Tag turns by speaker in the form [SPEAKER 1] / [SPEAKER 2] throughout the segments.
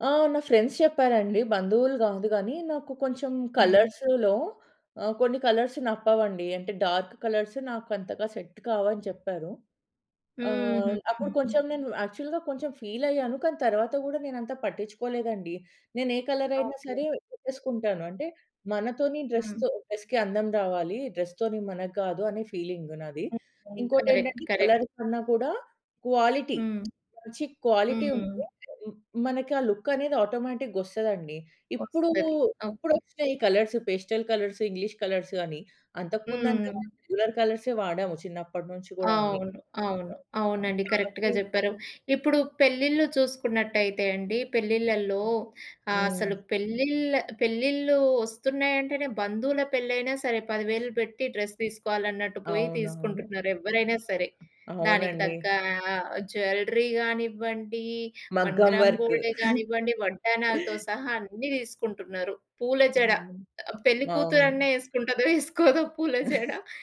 [SPEAKER 1] ఆ! నా ఫ్రెండ్స్ చెప్పారండి బంధువులు గాదు గానీ నాకు కొంచెం
[SPEAKER 2] హ్మ్.
[SPEAKER 1] కలర్స్‌లో ఆ! కొన్ని కలర్స్ నప్పవండి. అంటే డార్క్ కలర్స్ నాకంతగా సెట్ కావని చెప్పారు.
[SPEAKER 2] హ్మ్.
[SPEAKER 1] ఆహ్, అప్పుడు
[SPEAKER 2] హుహుహు.
[SPEAKER 1] కొంచెం నేను యాక్చువల్‌గా కొంచెం ఫీల‌య్యాను. కానీ తర్వాత గూడా నేనంత పట్టిచ్చుకోలేదండి. నేనే కలర‌యినా
[SPEAKER 2] ఓకే.
[SPEAKER 1] సరే పెట్టేసుకుంటాను. అంటే మనతోని
[SPEAKER 2] హ్మ్.
[SPEAKER 1] డ్రెస్‌తో డ్రెస్‌కి అందం రావాలి డ్రెస్‌తోని మనగ్గాదు అనే ఫీలింగ్ నాది.
[SPEAKER 2] హ్మ్. Why colour. కరెక్ట్.
[SPEAKER 1] ఇంకోటేంటంటే కలర్
[SPEAKER 2] కరెక్ట్.
[SPEAKER 1] కన్నా గూడా క్వాలిటీ
[SPEAKER 2] హ్మ్.
[SPEAKER 1] మంచి క్వాలిటీ ఉంటే
[SPEAKER 2] హ్మ్.
[SPEAKER 1] హ్మ్. మనకా ఆ లు‌క్క‌నేది ఆటోమేటి‌గొస్తదండి. ఇప్పుడు
[SPEAKER 2] ఒస్తది. ఓకే.
[SPEAKER 1] ఇప్పుడొచ్చినయి ఈ colours. Pastel colours, English colours అని. అంతకు ముందంతా
[SPEAKER 2] హ్మ్.
[SPEAKER 1] రెగ్యులర్ కల‌ర్సే వాడాము చిన్నప్పటినుంచి గూడా అన్ని.
[SPEAKER 2] అవును. అవును.
[SPEAKER 1] ఆ!
[SPEAKER 2] అవునండి. కరెక్ట్‌గా
[SPEAKER 1] [unintelligible]
[SPEAKER 2] జెప్పారు. ఇప్పుడు పెళ్ళిళ్ళు జూసుకున్నట్టయితే అండి పెళ్ళిళ్ళల్లో
[SPEAKER 1] హ్మ్.
[SPEAKER 2] అసలు పెళ్ళిళ్ పెళ్ళిళ్ళు ఒస్తున్నయంటేనే బంధువుల పెళ్లయినా సరే 10,000 పెట్టి డ్రెస్ తీసుకోవాలన్నట్టు పోయి
[SPEAKER 1] అవునవును.
[SPEAKER 2] తీసుకుంటున్నారు ఎవ్వరైనా సరే. దానికి
[SPEAKER 1] అవునండి.
[SPEAKER 2] తగ్గా ఆహ్, జ్యువెల‌రీ గానివ్వండి, వన్
[SPEAKER 1] మగ్గం
[SPEAKER 2] గ్రామ్
[SPEAKER 1] వర్క్.
[SPEAKER 2] గోల్డే గానివ్వండి, వడ్డానాలతో సహా అన్ని దీసుకుంటున్నరు. పూల జడ
[SPEAKER 1] అవును.
[SPEAKER 2] ఆ పెళ్లి
[SPEAKER 1] అవును.
[SPEAKER 2] కూతురన్న ఏసుకుంటదో ఏసుకోదో పూల జడ,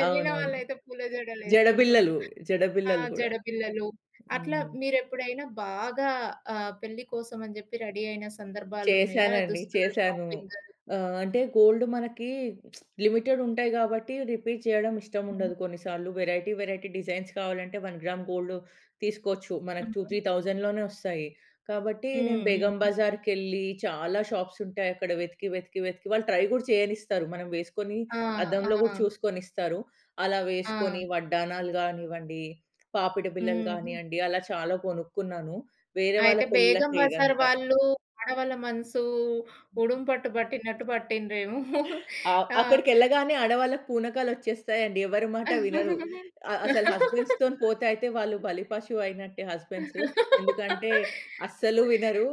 [SPEAKER 2] ఎళ్ళిన
[SPEAKER 1] అవునవును.
[SPEAKER 2] వాళ్ళైతే పూల
[SPEAKER 1] జడ
[SPEAKER 2] జడలేసుకుంటుండ్రు.
[SPEAKER 1] బిల్లలు, జడ
[SPEAKER 2] ఆ!
[SPEAKER 1] బిల్లలు గూడా.
[SPEAKER 2] జడ బిల్లలు. అట్లా
[SPEAKER 1] హ్మ్.
[SPEAKER 2] మీరెప్పుడైనా బాగా ఆహ్, పెళ్లి కోసమని జెప్పి రెడీ అయిన సందర్భాలున్నయా?
[SPEAKER 1] చేశానండి.
[SPEAKER 2] దుస్తూలు
[SPEAKER 1] చేశాను.
[SPEAKER 2] షాపింగ్?
[SPEAKER 1] ఆహ్, అంటే గోల్డ్ మనకి లిమిటెడ్ ఉంటాయి గాబట్టి రిపీట్ చేయడం
[SPEAKER 2] హ్మ్.
[SPEAKER 1] ఇష్టముండదు, కొన్నిసార్లు వెరైటీ వెరైటీ డిజైన్స్ కావాలంటే వన్ గ్రామ్ గోల్డొ తీసుకోవచ్చు. మనకు టూ,
[SPEAKER 2] హుహు.
[SPEAKER 1] త్రీ థౌసండ్‌లోనే ఒస్తాయి. కాబట్టి నేను
[SPEAKER 2] హ్మ్.
[SPEAKER 1] బేగం
[SPEAKER 2] హ్మ్.
[SPEAKER 1] బజార్‌కెళ్ళి చాలా షాప్స్ ఉంటాయక్కడ వెతికి, వెతికి, వెతికి, వాళ్ళు ట్రై గూడా చేయనిస్తారు. మనం వేసుకొని
[SPEAKER 2] ఆ!
[SPEAKER 1] అద్దంలో గూడా
[SPEAKER 2] ఆ!
[SPEAKER 1] చూసుకోనిస్తారు. అలా
[SPEAKER 2] ఆ!
[SPEAKER 1] వేసుకొని వడ్డానాలు గానివ్వండి, పాపిడి బిల్లలు
[SPEAKER 2] హ్మ్.
[SPEAKER 1] గాని‌యండి, అలా చాలా గొనుక్కున్నాను. వేరే వాళ్ళ
[SPEAKER 2] అయితే బేగం
[SPEAKER 1] పెళ్ళిళ్ళకే
[SPEAKER 2] బజార్
[SPEAKER 1] ఇదంతా.
[SPEAKER 2] వాళ్ళు ఆడవాళ్ళ మనసు ఉడుం పట్టు బట్టినట్టు బట్టిండ్రేమో.
[SPEAKER 1] ఆ!
[SPEAKER 2] ఆ!
[SPEAKER 1] అక్కడికెళ్ళగానే ఆడవాళ్లకి పూనకాలొచ్చేస్తాయండి ఎవ్వరి మాట
[SPEAKER 2] ఆ!
[SPEAKER 1] వినరు. ఆహ్, అసలు హస్బెండ్స్‌తోని పోతే అయితే వాళ్ళు బలిపశువయినట్టే హస్బెండ్సు. ఎందుకంటే అస్సలు వినరు.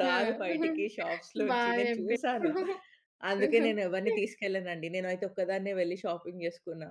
[SPEAKER 1] రారు బయటికి
[SPEAKER 2] బా
[SPEAKER 1] షాప్స్‌లోంచి. నేను చూశాను.
[SPEAKER 2] జెప్పిర్రు.
[SPEAKER 1] అందుకే నేనెవ్వరిని తీసుకెళ్లనండి. నేనైతే ఒక్కదాన్నే వెళ్లి షాపింగ్ జేసుకున్నా.